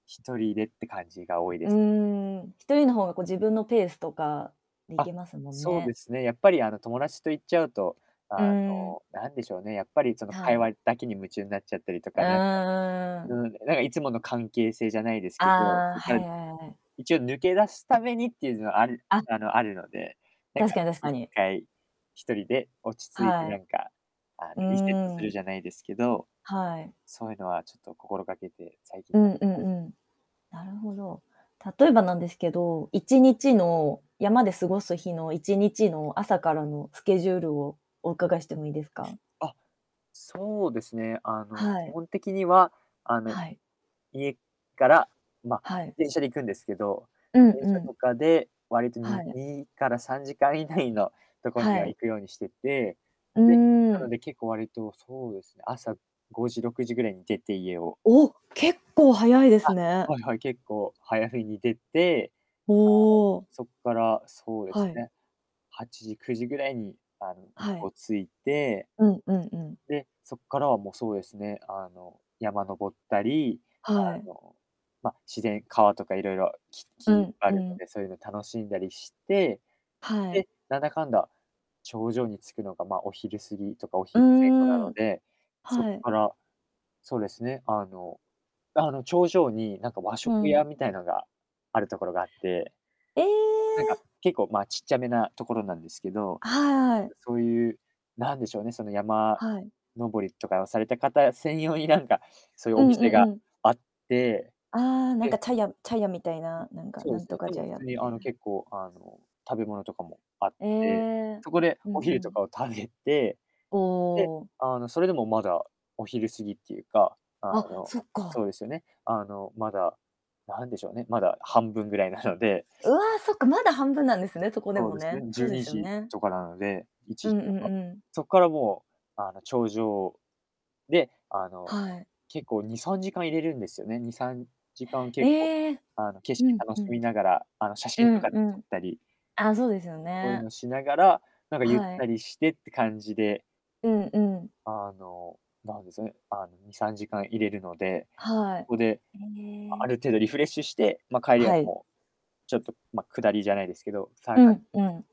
1人でって感じが多いでうす。ーん、1人の方が、こ、自分のペースとか、で行あ、けますもんそうでね。すね、やっぱり、あの、友達と行っちゃうと、あうーん。の、なんでしょうね、やっぱり、その、は会い。話だけに夢中になっちゃったりとか、なんか、あ、うん、うーん。うん、だか、なんかいつもの関係性じゃないですけど、ああ、そっから、はい、あいあい。一応、抜け出すためにっていうの、あるあ。あの、あるので、なんか、確かに確いっかに。かい、1人で落ち着いてはない。んか、あの、うーリセットすん、うるん。じゃないですけど、はい。そうゆのはちょっと心がけて、最近、うやっんうてんます。うん、なるほど。例えばなんですけど、1日の、山で過ごす日の、1日の、朝からのスケジュールを、お伺いしてもいいですか？あ、そうですね。あの、は基い。本的には、あの、はい。家から、ま、はい。電車で行くんですけど、うん電う車ん。とかで、割と、にはい。にから3時間以内のとこにははい。行くようにしてて、うで、なーのん。で結構割と、そうですね、朝5時、6時ぐらいに出て、家をおお、結構早いですあ、ね。はいはい、結構早めに出て、おあの、お。そっから、そうではすい。ね、8時、9時ぐらいに、あの、向はこい。う着いてうんうんうん。で、そっからは、もうそうですね、あの、山登ったり、はあい。の、ま、自然川とかいろいろ、きうき、んあうるのん。で、そういうの楽しんだりして、はい。で、なんだかんだ、頂上に着くのが、まあ、お昼過ぎとかおう昼前後なーのん。で、そっはい。から、そうですね、あのあの、頂上に、なんか、和う食ん。屋みたいなんがあるところがあってえなんか、え！結構、ま、ちっちゃめなところなんですけど、はなんい。か、そうゆう、なんでしょうね、その、山はい。登りとかをされた方専用になんか、そゆうおんう店んがうん。あって、ああ、なんかで茶屋茶屋みたいう、な、なんか、そうなんすね、とかで茶も、普屋通に、みたあいの、な。結構、あの、食べ物とかもあっえて、え、そこでうんお昼うとかん。を食べて、おで、お。あの、それでもまだお昼過ぎっていうか、ああ、の、そっそうか。ですよね、あの、まだ、なんでしょうね、まだ半分ぐらいなのでうわ、そっかまだ半分なんですね、そこでそうもですね、ね、じそゅううでにすよじね。とかなのでいちうじんうとんか。うん。そっからもう、あの、頂上で、あの、はい。結構、2、3時間いれるんですよね、2、3時間、結構、ええ。あの、景う色ん、楽ふしみん。ながら、あの、写う真とんかう撮っん。たりあ、そうですよそうゆうね。のしながら、なんかゆっはい。たりしてって感じでうんうん。あの、なんですね、あの、2、3時間いれるので、はそい。こでいあえ。る程度リフレッシュして、ま、帰りははい。もう、ちょっと、ま、下りじゃないですけど、さうがんうん。